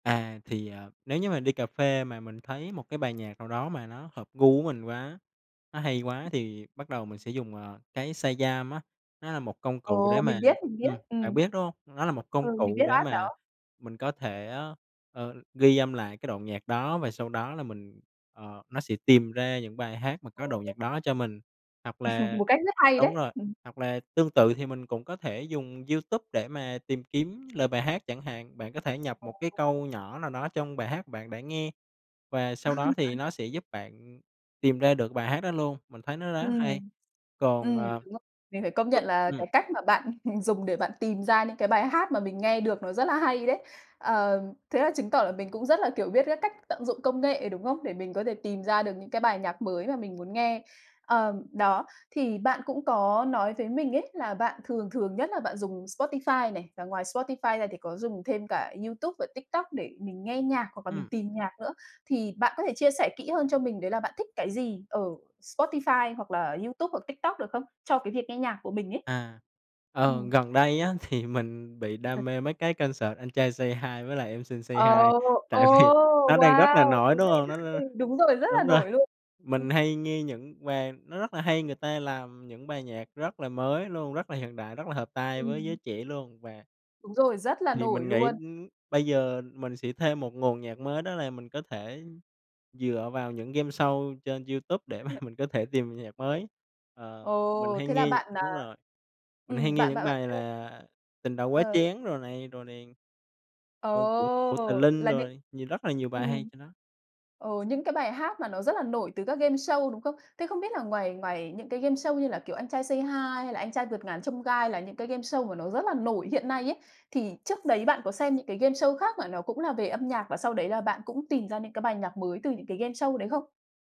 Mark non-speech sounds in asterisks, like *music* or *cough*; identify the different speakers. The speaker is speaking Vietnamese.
Speaker 1: À, thì à, nếu như mà đi cà phê mà mình thấy một cái bài nhạc nào đó mà nó hợp gu với mình quá, nó hay quá thì bắt đầu mình sẽ dùng, à, cái Shazam á, nó là một công cụ để
Speaker 2: Ồ,
Speaker 1: mà
Speaker 2: mình biết, mình biết,
Speaker 1: ừm, bạn
Speaker 2: ừm!
Speaker 1: biết, đúng hông? Nó là một công
Speaker 2: Ừ, mình
Speaker 1: cụ
Speaker 2: biết
Speaker 1: để
Speaker 2: app
Speaker 1: mà
Speaker 2: đó.
Speaker 1: mình có thể, ơ, ờ, ghi âm lại cái đoạn nhạc đó và sau đó là mình, ờ nó sẽ tìm ra những bài hát mà
Speaker 2: Ồ.
Speaker 1: có đoạn nhạc đó cho mình. Hoặc
Speaker 2: *laughs*
Speaker 1: là
Speaker 2: Một cách rất hay
Speaker 1: đúng
Speaker 2: đấy!
Speaker 1: rồi,
Speaker 2: *chuckles*
Speaker 1: hoặc là tương tự thì mình cũng có thể dùng YouTube để mà tìm kiếm lời bài hát chẳng hạn, bạn có thể nhập
Speaker 2: Ồ.
Speaker 1: một cái câu nhỏ nào đó trong bài hát bạn đã nghe và sau đó thì
Speaker 2: *unintelligible*
Speaker 1: nó sẽ giúp bạn tìm ra được bài hát đó luôn, mình thấy nó rất hay.
Speaker 2: Ừm.
Speaker 1: Còn,
Speaker 2: Ừm,
Speaker 1: ờ
Speaker 2: đúng rồi. Mình phải công nhận là
Speaker 1: ừm.
Speaker 2: cái cách mà bạn *chuckles* dùng để bạn tìm ra những cái bài hát mà mình nghe được nó rất là hay đấy. Ờm, thế là chứng tỏ là mình cũng rất là, kiểu, biết các cách tận dụng công nghệ, đúng không? Để mình có thể tìm ra được những cái bài nhạc mới mà mình muốn nghe. À, đó, thì bạn cũng có nói với mình ấy là bạn thường thường nhất là bạn dùng Spotify này, và ngoài Spotify ra thì có dùng thêm cả Youtube và TikTok để mình nghe nhạc hoặc là mình
Speaker 1: Ừm.
Speaker 2: tìm nhạc nữa. Thì bạn có thể chia sẻ kỹ hơn cho mình đấy là bạn thích cái gì ở Spotify hoặc là Youtube hoặc TikTok được không? Cho cái việc nghe nhạc của mình ấy.
Speaker 1: À, ờ,
Speaker 2: Ừm.
Speaker 1: gần đây á, thì mình bị đam
Speaker 2: *unintelligible*
Speaker 1: mê mấy cái concert Anh Trai Say Hi với lại Em Xinh Say
Speaker 2: Ồ!
Speaker 1: Hi,
Speaker 2: Ồ!
Speaker 1: tại vì nó đang rất là
Speaker 2: Wow!
Speaker 1: nổi,
Speaker 2: Thú
Speaker 1: đúng
Speaker 2: vị,
Speaker 1: hông? Nó nó
Speaker 2: ừ, đúng rồi, rất là
Speaker 1: đúng rồi.
Speaker 2: nổi luôn. Ừm.
Speaker 1: Mình hay nghe những bài nó rất là hay người ta làm những bài nhạc rất là mới luôn, rất là hiện đại, rất là hợp tai với giới
Speaker 2: Ừm.
Speaker 1: trẻ luôn và
Speaker 2: Đúng rồi, rất là
Speaker 1: Thì
Speaker 2: nổi
Speaker 1: mình nghĩ,
Speaker 2: luôn.
Speaker 1: ưm, bây giờ mình sẽ thêm một nguồn nhạc mới đó là mình có thể dựa vào những gameshow trên Youtube để mà
Speaker 2: *unintelligible*
Speaker 1: mình có thể tìm nhạc mới.
Speaker 2: Ờ!
Speaker 1: Ờ, mình hay
Speaker 2: Thế là
Speaker 1: nghe nh
Speaker 2: bạn, à,
Speaker 1: đúng rồi, mình hay
Speaker 2: ừm,
Speaker 1: nghe
Speaker 2: bạn
Speaker 1: những
Speaker 2: bạn bạn
Speaker 1: bài
Speaker 2: *unintelligible*
Speaker 1: là “Tình Đầu Quá
Speaker 2: Ờ.
Speaker 1: Chén” rồi này, rồi này. Rồi của của
Speaker 2: Ồ!
Speaker 1: Tlinh
Speaker 2: Là những
Speaker 1: rồi nhiều rất là nhiều bài hay
Speaker 2: ừm.
Speaker 1: trên đó.
Speaker 2: Ờ, những cái bài hát mà nó rất là nổi từ các gameshow, đúng không? Thế không biết là ngoài ngoài những cái gameshow như là, kiểu, Anh Trai Say Hi hay là Anh Trai Vượt Ngàn Chông Gai là những cái gameshow mà nó rất là nổi hiện nay ấy, thì trước đấy bạn có xem những cái gameshow khác mà nó cũng là về âm nhạc và sau đấy là bạn cũng tìm ra những cái bài nhạc mới từ những cái gameshow đấy không?